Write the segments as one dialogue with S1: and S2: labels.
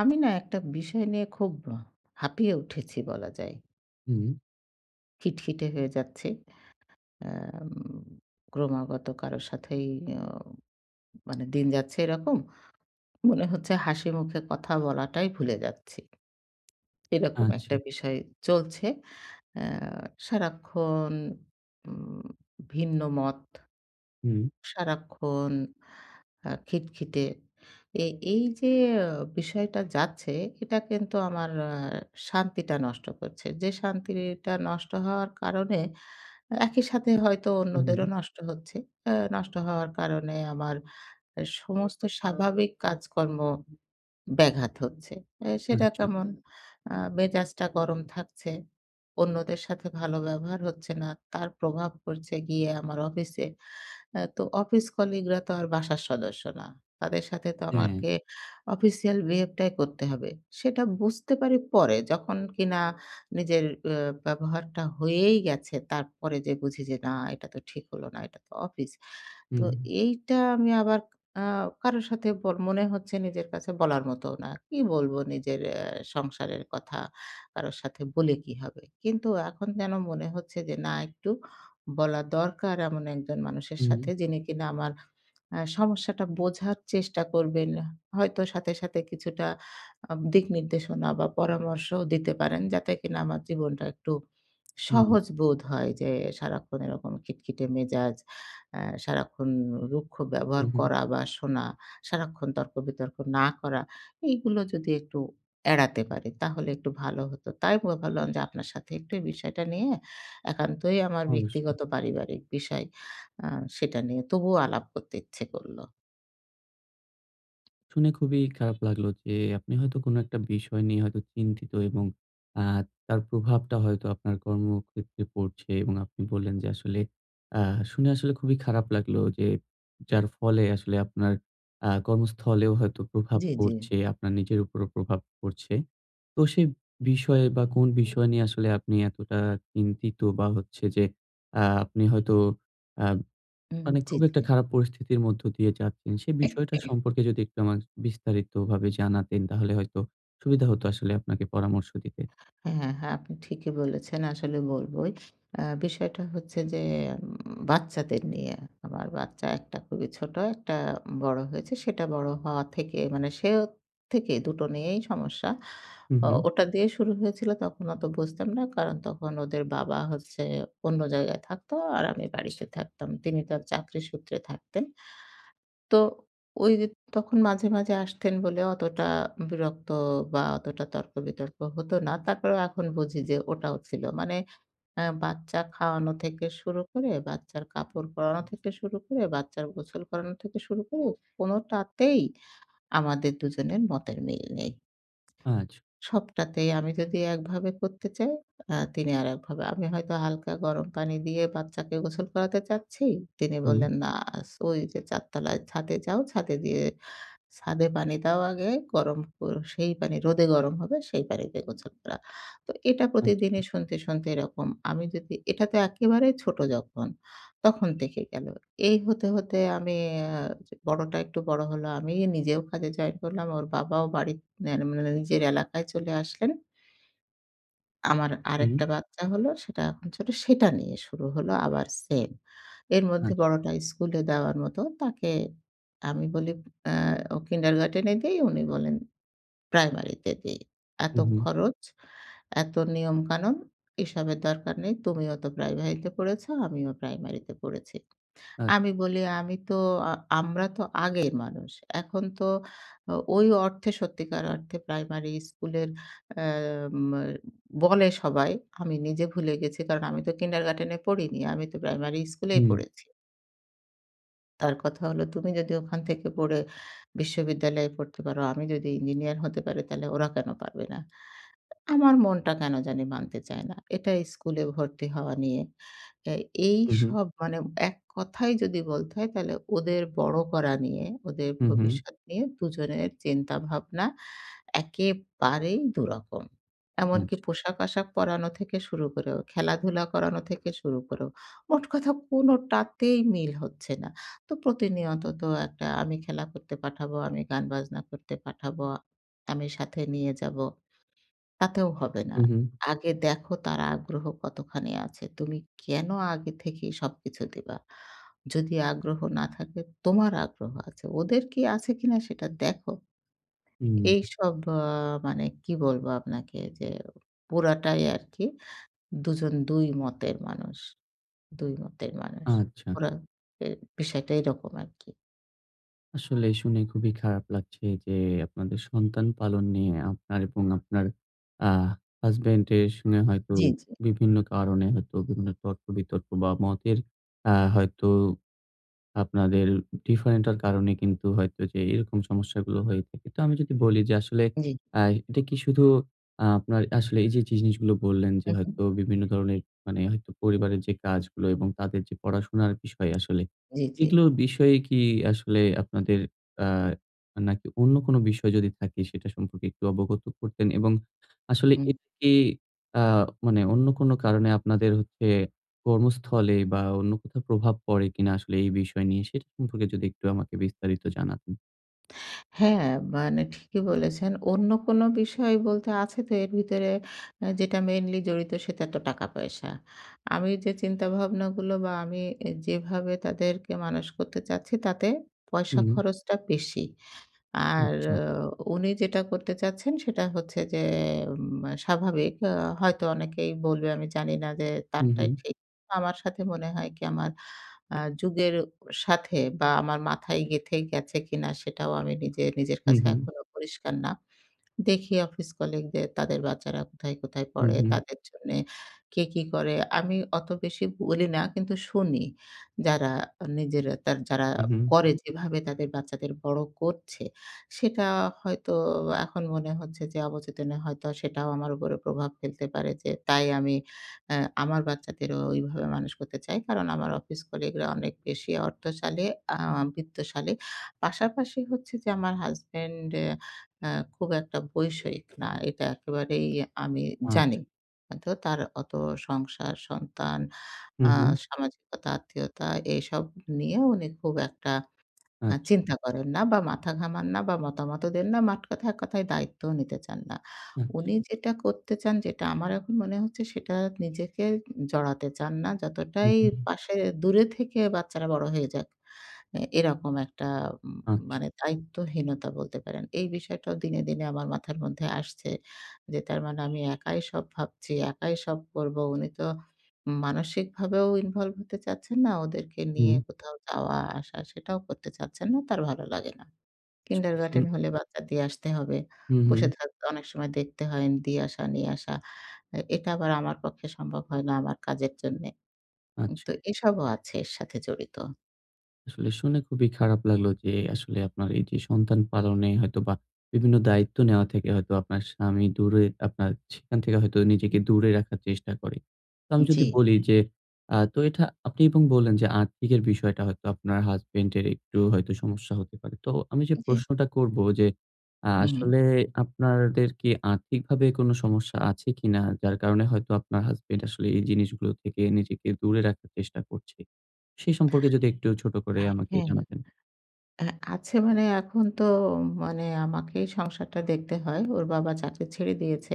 S1: আমি না একটা বিষয় নিয়ে খুব হা হাঁপিয়ে উঠেছি, বলা যায়।
S2: হুম।
S1: খিটখিটে হয়ে যাচ্ছি। এম ক্রমাগত কারো সাথেই আম মানে দিন যাচ্ছে এরকম। মনে হচ্ছে হাসিমুখে কথা বলাটাই ভুলে যাচ্ছি। এরকম একটা
S2: আচ্ছা।
S1: বিষয় চলছে। আ সারাক্ষণ উম ভিন্ন মত।
S2: হুম।
S1: সারাক্ষণ আ খিটখিটে। এ এইযে আ বিষয়টা যাচ্ছে, এটা কিন্তু আমার আ শান্তিটা নষ্ট করছে। যে শান্তির ইয়েটা নষ্ট হওয়ার কারণে একই সাথে হয়তো
S2: উম হুম।
S1: অন্যদেরও নষ্ট হচ্ছে। এ নষ্ট হওয়ার কারণে আমার এ সমস্ত স্বাভাবিক কাজকর্ম ব্যাঘাত হচ্ছে। এ সেটা
S2: আচ্ছা।
S1: কেমন? আ মেজাজটা গরম থাকছে, অন্যদের সাথে ভালো ব্যবহার হচ্ছে না। তার প্রভাব পড়ছে গিয়ে আমার অফিসে। এ তো অফিস কলিগরা তো আর বাসার সদস্য না। তাদের সাথে তো
S2: হ্যাঁ।
S1: আমাকে অফিসিয়াল বিহেভটাই করতে হবে। সেটা বুঝতে পারি পরে। যখন কিনা আ নিজের উম ব্যবহারটা হয়েই গেছে। তারপরে যেয়ে বুঝি যে, না, এটা তো ঠিক হল না, এটা তো অফিস। তো
S2: হুম।
S1: এইটা আমি আবার আ কারো সাথে ব মনে হচ্ছে নিজের কাছে বলার মতো না। কি বলবো নিজের এ সংসারের কথা? কারো সাথে বলে কি হবে? কিন্তু এখন যেন মনে হচ্ছে যে, না, একটু বলা দরকার এমন একজন মানুষের সাথে,
S2: হুম।
S1: যিনি কিনা আমার সমস্যাটা বোঝার চেষ্টা করবেন। হয়তো সাথে, সাথে কিছুটা আম দিক নির্দেশনা বা, পরামর্শও দিতে পারেন। যাতে কিনা আমার জীবনটা একটু
S2: হুম।
S1: সহজ বোধ হয় যে, সারাক্ষণ এরকম খিটখিটে মেজাজ, এ সারাক্ষণ উ রুক্ষ
S2: উম
S1: ব্যবহার
S2: হুম।
S1: করা বা, শোনা, সারাক্ষণ তর্ক-বিতর্ক না করা। এগুলো যদি একটু এড়াতে পারি, তাহলে একটু ভালো হতো। তাই ম ভাবলাম যে, আপনার সাথে একটু বিষয়টা নিয়ে একান্তই আমার
S2: অবশ্যই।
S1: ব্যক্তিগত পারিবারিক বিষয়, আ সেটা নিয়ে তবুও আলাপ করতে ইচ্ছে করলো।
S2: শুনে খুবই খারাপ লাগলো যে আপনি হয়তো কোনো একটা বিষয় নিয়ে হয়তো চিন্তিত। এবং আ তার প্রভাবটা হয়তো আপনার কর্মক্ষেত্রে পড়ছে এবং আপনি বললেন যে, আসলে আ শুনে আসলে খুবই খারাপ লাগলো যে যার ফলে আসলে আপনার আ কর্মস্থলেও হয়তো প্রভাব
S1: জ্বী, জ্বী।
S2: পড়ছে, আপনার নিজের উপরও প্রভাব পড়ছে। তো সে বিষয়ে বা কোন বিষয় নিয়ে আসলে আপনি এতটা চিন্তিত বা হচ্ছে যে আ আপনি হয়তো আ
S1: হুম, হুম।
S2: মানে
S1: জ্বী,
S2: খুব একটা
S1: জ্বী।
S2: খারাপ পরিস্থিতির মধ্য দিয়ে যাচ্ছেন। সে বিষয়টা সম্পর্কে যদি একটু আমা বিস্তারিত ভাবে জানাতেন তাহলে হয়তো সুবিধা হতো আসলে আপনাকে পরামর্শ দিতে।
S1: হ্যাঁ, হ্যাঁ, হ্যাঁ। আপনি ঠিকই বলেছেন আসলে বলবই। আ বিষয়টা হচ্ছে যে উম বাচ্চাদের নিয়ে। আমার বাচ্চা একটা খুবই ছোট, একটা বড় হয়েছে। সেটা বড় হওয়া থেকে মানে সে থেকে দুটো নিয়েই সমস্যা।
S2: হুম,
S1: ও
S2: হুম।
S1: ওটা দিয়ে শুরু হয়েছিল তখন অতো বুঝতাম না। কারণ তখন ওদের বাবা হচ্ছে অন্য জায়গায় থাকতো, আর আমি বাড়িতে থাকতাম। তিনি তার চাকরি সূত্রে থাকতেন। তো ওই তখন মাঝে, মাঝে আসতেন বলে অতটা বিরক্ত বা অতটা তর্ক বিতর্ক হতো না। তারপরেও এখন বুঝি যে ওটাও ছিলো। মানে আ বাচ্চা খাওয়ানো থেকে শুরু করে, বাচ্চার কাপড় পরানো থেকে শুরু করে, বাচ্চার গোছল করানো থেকে শুরু করে কোনটাতেই আমাদের দুজনের মতের মিল নেই।
S2: আচ্ছা।
S1: সবটাতেই আমি যদি একভাবে করতে চাই আ তিনি আরেকভাবে। আমি হয়তো হালকা গরম পানি দিয়ে বাচ্চাকে গোসল করাতে চাচ্ছি। তিনি
S2: হুম।
S1: বললেন, "না, আছ ওইযে ৪ তালায় ছাদে যাও। ছাদে দিয়ে ছাদে পানি দাও আগে গরম কর সেই পানি রোদে গরম হবে সেই পানিতে গোসল করাও।" তো এটা প্রতিদিনই
S2: আচ্ছা।
S1: শুনতে, শুনতে এরকম। আমি যদি এটাতে একেবারে ছোট যখন তখন দেখে গেলো। এই হতে, হতে আমি আ যে বড়টা একটু বড় হলো। আমি নিজেও কাজে জয়েন করলাম। ওর বাবাও বাড়ির [unintelligible] নিজের এলাকায় চলে আসলেন। আমার
S2: হুম।
S1: আরেকটা বাচ্চা হলো সেটা এখন ছোট। সেটা নিয়ে শুরু হলো আবার সেম। এর মধ্যে
S2: আচ্ছা।
S1: বড়টা স্কুলে দেওয়ার মতো তাকে আমি বলি আ ও কিন্ডারগার্টেন এ দেই উনি বলেন প্রাইমারিতে দেই।
S2: হুম,
S1: এতো
S2: হুম।
S1: খরচ, এতো নিয়ম কানুন এসবের দরকার নেই। তুমিও তো প্রাইমারিতে পড়েছ, আমিও প্রাইমারিতে পড়েছি।
S2: আচ্ছা।
S1: আমি বলি আমি তো আ আমরা তো আগের মানুষ। এখন তো ও ওই অর্থে সত্যিকার অর্থে প্রাইমারি স্কুলের আ মা বলে সবাই। আমি নিজে ভুলে গেছি। কারণ আমি তো কিন্ডারগার্টেনে পড়িনি। আমি তো প্রাইমারি স্কুলেই
S2: হুম, হুম।
S1: পড়েছি। তার কথা হলো, "তুমি যদি ওখান থেকে পড়ে বিশ্ববিদ্যালয়ে পড়তে পারো, আমি যদি ইঞ্জিনিয়ার হতে পারি তাইলে ওরা কেনো পারবে না?" আ আমার মনটা কেনো জানি মানতে চায় না। এটাই স্কুলে ভর্তি হওয়া নিয়ে। তা
S2: হুম, হুম।
S1: এইসব মানে এক কথায় যদি বলতে হয় তাইলে ওদের বড় করা নিয়ে, ওদের
S2: হুম, হুম।
S1: ভবিষ্যৎ নিয়ে ২ জনের চিন্তা-ভাবনা একেবারেই ২ রকম। এমনকি
S2: আচ্ছা।
S1: পোশাক-আশাক পরানো থেকে শুরু করেও, খেলাধুলা করানো থেকে শুরু করেও। মোট কথা কোনোটাতেই মিল হচ্ছে না। তো প্রতিনিয়ত তো একটা আমি খেলা করতে পাঠাবো, আমি গান-বাজনা করতে পাঠাবো, আমি সাথে নিয়ে যাবো। তাতেও হবে না।
S2: হুম, হুম।
S1: "আগে দেখো তার আগ্রহ কতখানি আছে, তুমি কেনো আগে থেকেই সবকিছু দিবা? যদি আগ্রহ না থাকে? তোমার আগ্রহ আছে, ওদের কি আছে কিনা সেটা দেখো।"
S2: হুম, হুম।
S1: এইসব আ মানে কি বলবো আপনাকে যে পুরাটাই আরকি ২ জন ২ মতের মানুষ, ২ মতের মানুষ।
S2: আচ্ছা।
S1: ওরা এ বিষয়টা এরকম আরকি।
S2: আসলে শুনে খুবই খারাপ লাগছে যে, আপনাদের সন্তান পালন নিয়ে আপনার এবং আপনার আ হাসব্যান্ডের সঙ্গে হয়তো
S1: জি, জি।
S2: বিভিন্ন কারণে হয়তো বিভিন্ন তর্ক-বিতর্ক বা, মতের আ হয়তো আপনাদের ডিফারেন্টের কারণে কিন্তু হয়তো যে এরকম সমস্যাগুলো হয়ে থাকে। তো আমি যদি বলি যে, আসলে
S1: জি।
S2: আ এটা কি শুধু আ আপনার আসলে এইযে জিনিসগুলো বললেন যে,
S1: হু, হুম।
S2: হয়তো বিভিন্ন ধরনের মানে হয়তো পরিবারের যে কাজগুলো এবং তাদের যে পড়াশুনার বিষয় আসলে,
S1: জি, জি।
S2: এগুলোর বিষয়ে কি আসলে আপনাদের আ নাকি অন্য কোন বিষয় যদি থাকে সেটা সম্পর্কে একটু অবগত করতেন এবং আসলে
S1: হুম।
S2: এই আ মানে অন্য কোন কারণে আপনাদের হচ্ছে কর্মস্থলে বা, অন্য কোথাও প্রভাব পড়ে কিনা আসলে এই বিষয় নিয়ে? সেটা সম্পর্কে যদি একটু আমাকে বিস্তারিত জানাতেন।
S1: হ্যাঁ, মানে ঠিকই বলেছেন। অন্য কোন বিষয় বলতে, আছে তো এর ভিতরে অ্যা যেটা মেইনলি জড়িত, সেটা তো টাকা পয়সা। আমি যে চিন্তা ভাবনাগুলো বা, আমি অ্যা যেভাবে তাদেরকে মানুষ করতে চাচ্ছি, তাতে পয়সা
S2: হুম।
S1: খরচটা বেশি। আর
S2: আচ্ছা।
S1: আও উনি যেটা করতে চাচ্ছেন সেটা হচ্ছে যে উম স্বাভাবিক। আ হয়তো অনেকেই বলবে আমি জানি না যে,
S2: হু,
S1: তারটাই
S2: হুম।
S1: ঠিক। আমার সাথে মনে হয় কি আমার আ যুগের অ সাথে বা, আমার মাথায় গেঁথে গেছে কিনা, সেটাও আমি নিজে, নিজের
S2: হু,
S1: কাছে
S2: হু।
S1: এখনো পরিষ্কার না। দেখি অফিস কলিগদের তাদের বাচ্চারা কোথায়, কোথায়
S2: হুম,
S1: পড়ে।
S2: হুম।
S1: তাদের জন্যে কে কি করে। আমি অত বেশি বলি না, কিন্তু শুনি। যারা এ নিজের তার যারা
S2: হু, হু।
S1: করে যেভাবে তাদের বাচ্চাদের বড় করছে, সেটা হয়তো এখন মনে হচ্ছে যে অবচেতনে হয়তো সেটাও আমার উপর প্রভাব ফেলতে পারে, যে তাই আমি এ আমার বাচ্চাদেরও ওইভাবে মানুষ করতে চাই। কারণ, আমার অফিস কলিগরা অনেক বেশি অর্থশালী আম বিত্তশালী। পাশাপাশি হচ্ছে যে আমার হাসব্যান্ড এ আ খুব একটা বৈষয়িক না। এটা একেবারেই এ আমি জানি।
S2: আচ্ছা।
S1: আ তো তার অত সংসার, সন্তান
S2: হু,
S1: আ
S2: হু।
S1: সামাজিকতা, আত্মীয়তা এসব নিয়ে উনি খুব একটা আ
S2: আচ্ছা।
S1: চিন্তা করেন না বা, মাথা ঘামান না বা, মতামতও দেন না। মাঠকথায় এক কথায় দায়িত্ব নিতে চান না।
S2: আচ্ছা।
S1: উনি যেটা করতে চান যেটা আমার এখন মনে হচ্ছে, সেটা নিজেকে উ জড়াতে চান না।
S2: হু,
S1: যতটাই
S2: হু, হু।
S1: পাশে দূরে থেকে বাচ্চারা বড় হয়ে যাক। এ এরকম একটা ম
S2: আচ্ছা।
S1: মানে দায়িত্বহীনতা বলতে পারেন। এই বিষয়টাও দিনে, দিনে আমার মাথার মধ্যে আসছে। যে তার মানে আমি একাই সব ভাবছি, একাই সব করবো। উনি তো মানসিকভাবেও ইনভল্ভ হতে চাচ্ছেন না। ওদেরকে নিয়ে
S2: হুম।
S1: কোথাও যাওয়া-আসা, সেটাও করতে চাচ্ছেন না। তার ভালো লাগে না। কিন্ডারগার্টেন
S2: [unintelligible]
S1: হলে বাচ্চা দিয়ে আসতে হবে।
S2: হু,
S1: বসে
S2: হু।
S1: থাকতে অনেক সময় দেখতে হয়, দিয়ে আসা, নিয়ে আসা। এ এটা আবার আমার পক্ষে সম্ভব হয় না আমার কাজের জন্যে। উম
S2: আচ্ছা।
S1: তো এসবও আছে এর সাথে জড়িত।
S2: আসলে শুনে খুবই খারাপ লাগলো যে আসলে আপনার এই যে সন্তান পালনে হয়তোবা বিভিন্ন দায়িত্ব নেওয়া থেকে হয়তো আপনার স্বামী দূরে আপনার সেখান থেকে হয়তো নিজেকে দূরে রাখার চেষ্টা করে। তো আমি যদি
S1: জ্বী।
S2: বলি যে আ তো এটা আপনি এবং বললেন যে আর্থিকের বিষয়টা হয়তো আপনার হাসব্যান্ড এর একটু হয়তো সমস্যা হতে পারে। তো আমি যে
S1: জ্বি।
S2: প্রশ্নটা করব যে, আ
S1: হু, হু।
S2: আসলে আপনাদের কি আর্থিকভাবে কোন সমস্যা আছে কিনা? যার কারণে হয়তো আপনার হাসব্যান্ড আসলে এই জিনিসগুলো থেকে নিজেকে দূরে রাখার চেষ্টা করছে? সে সম্পর্কে যদি একটু ছোট করে আমাকে
S1: হ্যা, হ্যা, হ্যা।
S2: জানাতেন?
S1: আ আছে মানে এখন তো মানে আমাকেই সংসারটা দেখতে হয়। ওর বাবা চাকরি ছেড়ে দিয়েছে।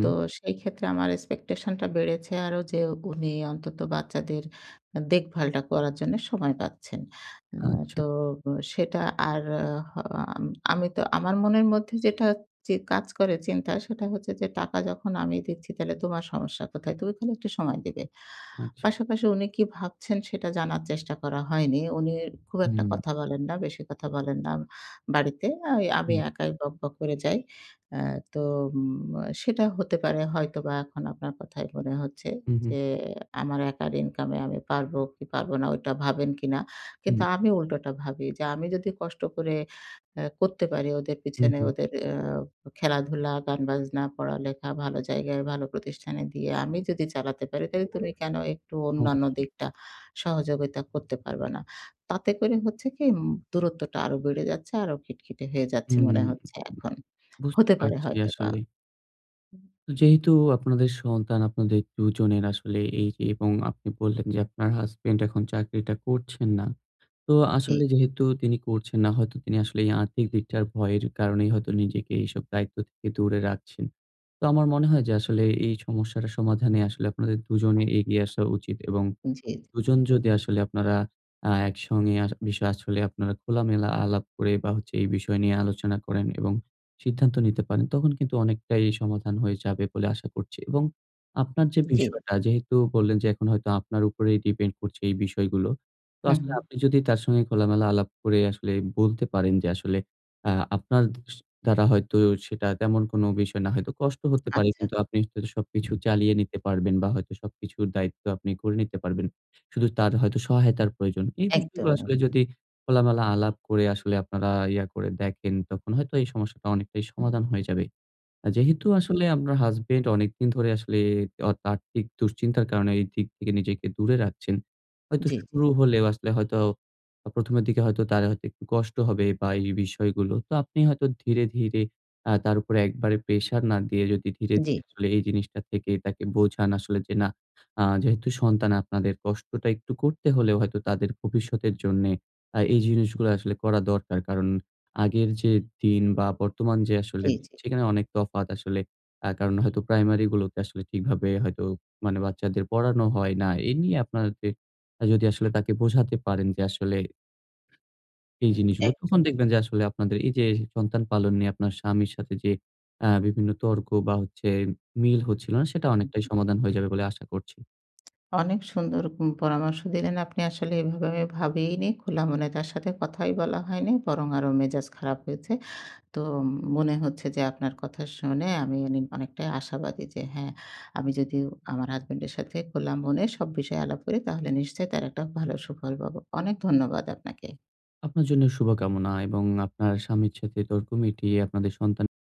S1: তো সেই ক্ষেত্রে আমার expectation টা বেড়েছে আরো যে উনি অন্তত বাচ্চাদের আ দেখভালটা করার জন্য সময় পাচ্ছেন। উম
S2: আচ্ছা।
S1: তো সেটা আর আ হা আম আমি তো আমার মনের মধ্যে যেটা যে কাজ করে চিন্তা সেটা হচ্ছে যে, "টাকা যখন আমিই দিচ্ছি তালে তোমার সমস্যা কোথায়? তুমি খালি একটু সময় দিবে।"
S2: আচ্ছা।
S1: পাশাপাশি উনি কি ভাবছেন সেটা জানার চেষ্টা করা হয়নি। উনি খুব একটা
S2: হুম।
S1: কথা বলেন না, বেশি কথা বলেন না বাড়িতে। আই আমি
S2: হুম।
S1: একাই বকবক করে যাই। আ তো ম আ সেটা হতে পারে হয়তোবা এখন আপনার কথায় মনে হচ্ছে
S2: হুম, হুম।
S1: যে আমার একার ইনকাম এ আমি পারবো কি পারব না ঐটা ভাবেন কিনা? কিন্তু
S2: হুম।
S1: আমি উল্টোটা ভাবি যে, "আমি যদি কষ্ট করে এ করতে পারি ওদের
S2: হুম,
S1: পেছনে
S2: হুম।
S1: ওদের এ খেলাধুলা, গান বাজনা, পড়ালেখা ভালো জায়গায় ভালো প্রতিষ্ঠানে দিয়ে আমি যদি চালাতে পারি, তাহলে তুমি কেন একটু অন্যান্য
S2: অবশ্যই।
S1: দিকটা সহযোগিতা করতে পারবা না?" তাতে করে হচ্ছে কি ম দূরত্বটা আরো বেড়ে যাচ্ছে আরো খিটখিটে হয়ে যাচ্ছে
S2: হুম,
S1: মনে হচ্ছে এখন,
S2: বুঝতে
S1: হতে পারে
S2: পারছি
S1: হয়তোবা।
S2: আসলে। যেহেতু আপনাদের সন্তান আপনাদের ২ জনের আসলে এই যে এবং আপনি বললেন যে আপনার হাসব্যান্ড এখন চাকরিটা করছেন না। তো
S1: জ্বী।
S2: আসলে যেহেতু তিনি করছেন না, হয়তো তিনি আসলে এই আর্থিক দিকটার ভয়ের কারণেই হয়তো নিজেকে এইসব দায়িত্ব থেকে দূরে রাখছেন। তো আমার মনে হয় যে আসলে এই সমস্যাটার সমাধানে আসলে আপনাদের ২জনে এগিয়ে আসা উচিত এবং
S1: হু, জ্বী।
S2: ২ জন
S1: জ্বী।
S2: যদি আসলে আপনারা আ একসঙ্গে আ বিষয় আসলে আপনারা খোলামেলা আলাপ করে বা হচ্ছে এই বিষয় নিয়ে আলোচনা করেন এবং সিদ্ধান্ত নিতে পারেন তখন কিন্তু অনেকটাই সমাধান হয়ে যাবে বলে আশা করছি। এবং আপনার যে
S1: জ্বী।
S2: বিষয়টা যেহেতু বললেন যে এখন হয়তো আপনার উপরেই depend করছে এই বিষয়গুলো। তো
S1: হু,
S2: আসলে
S1: হু।
S2: আপনি যদি তার সঙ্গে খোলামেলা আলাপ করে আসলে বলতে পারেন যে আসলে আ আপনার দ স দ্বারা হয়তো সেটা তেমন কোন বিষয় না। হয়তো কষ্ট হতে পারে
S1: আচ্ছা।
S2: কিন্তু আপনি যদি সবকিছু চালিয়ে নিতে পারবেন বা হয়তো সবকিছুর দায়িত্ব আপনি করে নিতে পারবেন। শুধু তার হয়তো সহায়তার প্রয়োজন। এই
S1: একদম,
S2: বিষয়গুলো আসলে
S1: এহ।
S2: যদি খোলামেলা আলাপ করে আসলে আপনারা ইয়ে করে দেখেন তখন হয়তো এই সমস্যাটা অনেকটাই সমাধান হয়ে যাবে। আ যেহেতু আসলে আপনার হাসব্যান্ড অনেকদিন ধরে আসলে অত আর্থিক দুশ্চিন্তার কারণে এই দিক থেকে নিজেকে দূরে রাখছেন। হয়তো
S1: জ্বী, জ্বী।
S2: শুরু হলে আসলে হয়তো ১ম এর দিকে হয়তো তারা হয়তো একটু কষ্ট হবে বা এই বিষয়গুলো। তো আপনি হয়তো ধীরে, ধীরে আ তার উপরে একবারে প্রেশার না দিয়ে যদি ধীরে,
S1: জ্বী।
S2: ধীরে আসলে এই জিনিসটা থেকে তাকে বোঝান আসলে যে না আ যেহেতু সন্তান আপনাদের কষ্টটা একটু করতে হলেও হয়তো তাদের ভবিষ্যতের জন্যে আ এই জিনিসগুলো আসলে করা দরকার। কারণ আগের যে দিন বা বর্তমান যে আসলে
S1: জ্বী, জ্বী।
S2: সেখানে অনেক তফাৎ আসলে। আ কারণ হয়তো প্রাইমারি গুলোতে আসলে ঠিকভাবে হয়তো মানে বাচ্চাদের পড়ানো হয় না। এই নিয়ে আপনাদের যদি আসলে তাকে বোঝাতে পারেন যে আসলে এই জিনিসগুলো তখন
S1: একদম।
S2: দেখবেন যে আসলে আপনাদের এই যে সন্তান পালন নিয়ে আপনার স্বামীর সাথে যে আ বিভিন্ন তর্ক বা হচ্ছে মিল হচ্ছিল না সেটা অনেকটাই সমাধান হয়ে যাবে বলে আশা করছি।
S1: অনেক সুন্দর উম পরামর্শ দিলেন। আপনি আসলে এভাবে আমি ভাবিইনি। খোলা মনে তার সাথে কথাই বলা হয়নি। বরং আরো মেজাজ খারাপ হয়েছে। তো ম মনে হচ্ছে যে আপনার কথা শুনে আমি অনেক অনেকটাই আশাবাদী যে হ্যাঁ আমি যদি আমার হাসব্যান্ডের সাথে খোলা মনে সব বিষয়ে আলাপ করি তাহলে নিশ্চয়ই তার একটা ভালো সুফল পাবো। অনেক ধন্যবাদ আপনাকে।
S2: আপনার জন্য শুভকামনা এবং আপনার স্বামীর সাথে তর্ক মিটিয়ে আপনাদের সন্তান